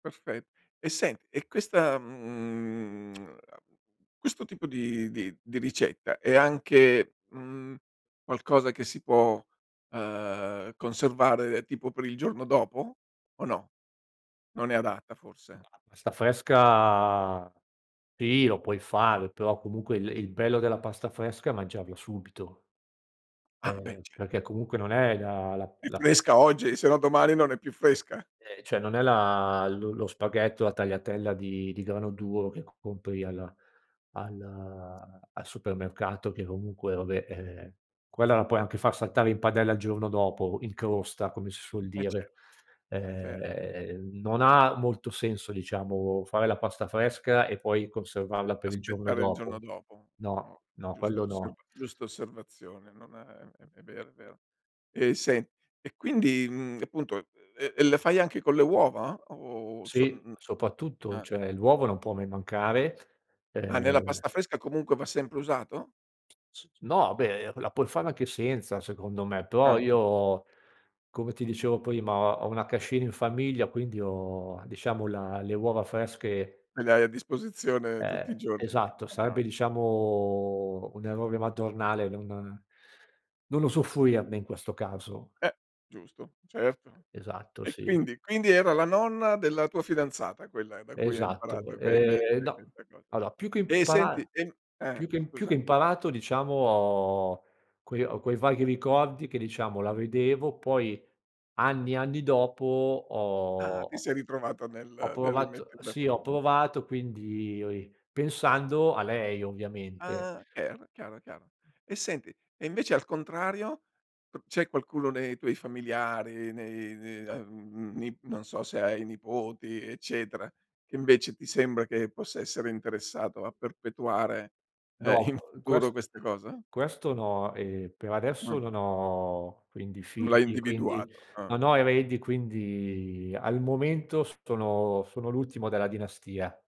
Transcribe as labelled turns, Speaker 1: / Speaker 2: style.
Speaker 1: Perfet eh, sen e questa, mhmm, uhm, questo tipo di di di ricetta, è anche, mhmm, qualcosa che si può, uhm, conservare tipo per il giorno dopo, o no? Non è adatta forse?
Speaker 2: La pasta fresca, sì lo puoi fare però, comunque, il il bello della pasta fresca è mangiarla subito
Speaker 1: Ah, beh,
Speaker 2: ehm,
Speaker 1: ce
Speaker 2: perché comunque non è da la
Speaker 1: È
Speaker 2: la
Speaker 1: fresca oggi, se no domani non è più fresca.
Speaker 2: Ehm, cioè non è la lo lo spaghetto, la tagliatella di di grano duro che compri alla al al supermercato che comunque vabbè, ehm, quella la puoi anche far saltare in padella il giorno dopo, in crosta, come si
Speaker 1: Mh,
Speaker 2: suol
Speaker 1: eh, cer
Speaker 2: dire.
Speaker 1: cer
Speaker 2: Ehm, non ha molto senso, diciamo fare la pasta fresca, e poi conservarla per il giorno
Speaker 1: Aspettare il giorno
Speaker 2: dopo.
Speaker 1: dopo. Oh,
Speaker 2: No, no,
Speaker 1: giusta
Speaker 2: quello
Speaker 1: osser
Speaker 2: no.
Speaker 1: giusta osservazione, non uhm, è vero, è vero. Eh, sen e quindi, mhmm, appunto, ehm, e le fai anche con le uova? O sol
Speaker 2: Sì,
Speaker 1: uhm
Speaker 2: soprattutto.
Speaker 1: ah.
Speaker 2: Cioè, l'uovo non può mai mancare.
Speaker 1: Ah, nella
Speaker 2: Ehm
Speaker 1: pasta fresca comunque va sempre usato?
Speaker 2: S s no, beh, la puoi fare anche senza secondo me, però
Speaker 1: Ah.
Speaker 2: io, come ti dicevo prima, ho ho una cascina in famiglia, quindi ho, diciamo la le uova fresche
Speaker 1: E le hai a disposizione tutti i
Speaker 2: Eh,
Speaker 1: giorni.
Speaker 2: esatto,
Speaker 1: Chiaro.
Speaker 2: sarebbe diciamo un errore madornale non non usufruirne in questo caso.
Speaker 1: Eh, giusto. Certo.
Speaker 2: Esatto,
Speaker 1: E
Speaker 2: sì.
Speaker 1: quindi quindi era la nonna della tua fidanzata, quella da cui hai imparato
Speaker 2: Esatto.
Speaker 1: que que
Speaker 2: Ehm, no.
Speaker 1: questa cosa.
Speaker 2: Allora più che
Speaker 1: Eh
Speaker 2: impara
Speaker 1: senti, ehm eh,
Speaker 2: più che più che
Speaker 1: scusa.
Speaker 2: imparato, diciamo ho quei ho quei vaghi ricordi che diciamo la vedevo, poi anni e anni dopo
Speaker 1: Ah,
Speaker 2: ho
Speaker 1: ti
Speaker 2: ho
Speaker 1: sei ritrovata
Speaker 2: ho
Speaker 1: nel nel
Speaker 2: provato
Speaker 1: rimettere le
Speaker 2: sì, ho
Speaker 1: [unintelligible]
Speaker 2: provato, quindi o i pensando a lei ovviamente.
Speaker 1: Ah, cher chiaro, chiaro. E senti, e invece al contrario p c'è qualcuno nei tuoi familiari, nei n ehm, mhmm, ni non so se hai nipoti, eccetera, che invece ti sembra che possa essere interessato a perpetuare, ehm, in
Speaker 2: No, [unintelligible]
Speaker 1: futuro
Speaker 2: quest
Speaker 1: questa cosa?
Speaker 2: questo no. Ehm, per adesso
Speaker 1: Mh.
Speaker 2: non ho quindi
Speaker 1: Non l'hai
Speaker 2: figli, quindi
Speaker 1: individuato, uhm.
Speaker 2: non ho eredi, quindi al momento sono sono l'ultimo della dinastia.